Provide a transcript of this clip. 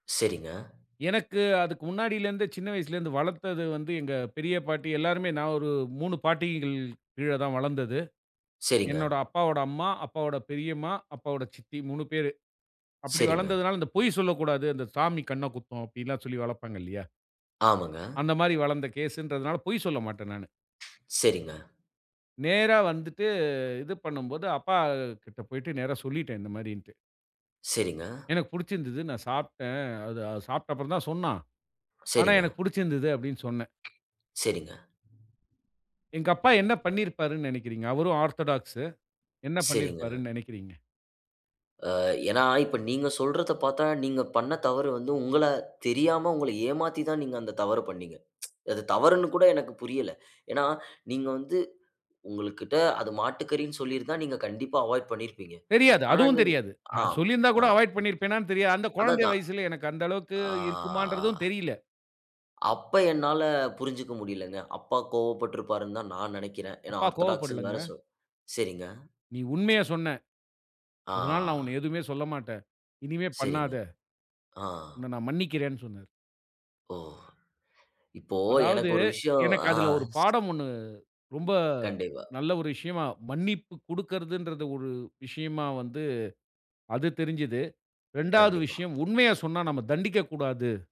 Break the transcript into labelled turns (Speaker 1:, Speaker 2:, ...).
Speaker 1: சரிங்க.
Speaker 2: எனக்கு அதுக்கு முன்னாடில இருந்தே சின்ன வயசுல இருந்து வளத்தது வந்து எங்க பெரிய பாட்டி எல்லாருமே. நான் ஒரு 3 பாட்டிகள் கீழ தான் வளந்தது.
Speaker 1: சரிங்க.
Speaker 2: என்னோட அப்பாவோட அம்மா, அப்பாவோட பெரியம்மா, அப்பாவோட சித்தி 3 பேரு. அப்படி
Speaker 1: சரிங்க.
Speaker 2: வளந்ததுனால அந்தப் பொய் சொல்லக் கூடாது. அந்த சாமி கண்ண குத்தும் அப்படிலாம் சொல்லி வளப்பாங்க இல்லையா?
Speaker 1: ஆமங்க.
Speaker 2: அந்த மாரி வளந்த கேஸ்ன்றதுனால பொய் சொல்ல மாட்டேன் நானு.
Speaker 1: சரிங்க.
Speaker 2: நேரா வந்துட்டு. இது பண்ணும்போது அப்பா கிட்ட போயிட்டு நேரா சொல்லிட்டேன் இந்த மாதிரின்ட்டு.
Speaker 1: சரிங்க.
Speaker 2: எனக்குப் புடிச்சிருந்தது நான் சாப்ட்டேன். அத அது சாப்பிட்ட அப்புறம் தான் சொன்னா. ஆனா
Speaker 1: சரிங்க.
Speaker 2: எனக்குப் புடிச்சிருந்தது அப்படின்னு சொன்னேன்.
Speaker 1: சரிங்க.
Speaker 2: எங்க அப்பா என்ன பண்ணி இருப்பாருன்னு நெனைக்கிறீங்க? அவரும் ஆர்த்தடாக்ஸூ. என்ன பண்ணி
Speaker 1: சரிங்க.
Speaker 2: இருப்பாருன்னு நெனைக்கிறீங்க?
Speaker 1: அ, ஏன்னா இப்ப நீங்க சொல்றத பாத்தா, நீங்க பண்ண தவறு வந்து உங்கள தெரியாம உங்கள ஏமாத்திதான் நீங்க அந்தத் தவறு பண்ணீங்க. அது தவறுன்னு கூட எனக்குப் புரியல. ஏன்னா நீங்க வந்து உங்களுக்கிட்ட அது மாட்டுக்கரின்னு சொல்லி இருந்தா நீங்க கண்டிப்பா அவாய்ட் பண்ணிருப்பீங்க.
Speaker 2: தெரியாது.
Speaker 1: ஆனா
Speaker 2: அதுவும்
Speaker 1: நீங்க
Speaker 2: தெரியாது.
Speaker 1: அ,
Speaker 2: அ சொல்லி இருந்தா
Speaker 1: அ.
Speaker 2: கூட அவாய்டு பண்ணிருப்பேனான்னு தெரியாது. அந்தக் கொழந்தை
Speaker 1: அததான்.
Speaker 2: வயசுல எனக்கு அந்த அளவுக்கு இருக்குமான்றதும்
Speaker 1: ஆ.
Speaker 2: தெரியல.
Speaker 1: அப்ப என்னால புரிஞ்சுக்க முடியலங்க. அப்பா கோபப்பட்டிருப்பாருன்னுதான் நான் நெனைக்கிறேன். ஏன்னா
Speaker 2: அப்பா
Speaker 1: ஆர்தடாக்ஸ்ன்னு
Speaker 2: கோவப்படலங்க.
Speaker 1: வேற சொல் சரிங்க.
Speaker 2: நீ உண்மைய சொன்ன. அதனால நான் உன்னை
Speaker 1: அ.
Speaker 2: எதுவுமே சொல்லமாட்டேன். இனிமே
Speaker 1: சரிங்க.
Speaker 2: பண்ணாத.
Speaker 1: அ.
Speaker 2: உன்ன நான் மன்னிக்கிறேன்னு சொன்னாரு.
Speaker 1: ஓ! இப்போ
Speaker 2: அதாவது
Speaker 1: எனக்கு ஒரு விஷயம்.
Speaker 2: எனக்கு
Speaker 1: அ
Speaker 2: அதுல ஒரு
Speaker 1: ஷ்
Speaker 2: பாடம் 1 ரொம்ப
Speaker 1: கண்டிப்பா.
Speaker 2: நல்ல ஒரு விஷயமா மன்னிப்பு குடுக்கறதுன்றத ஒரு விஷயமா வந்து அது தெரிஞ்சுது. 2வது
Speaker 1: கண்டிப்பா.
Speaker 2: விஷயம் உண்மைய சொன்னா நம்ம தண்டிக்கக் கூடாது.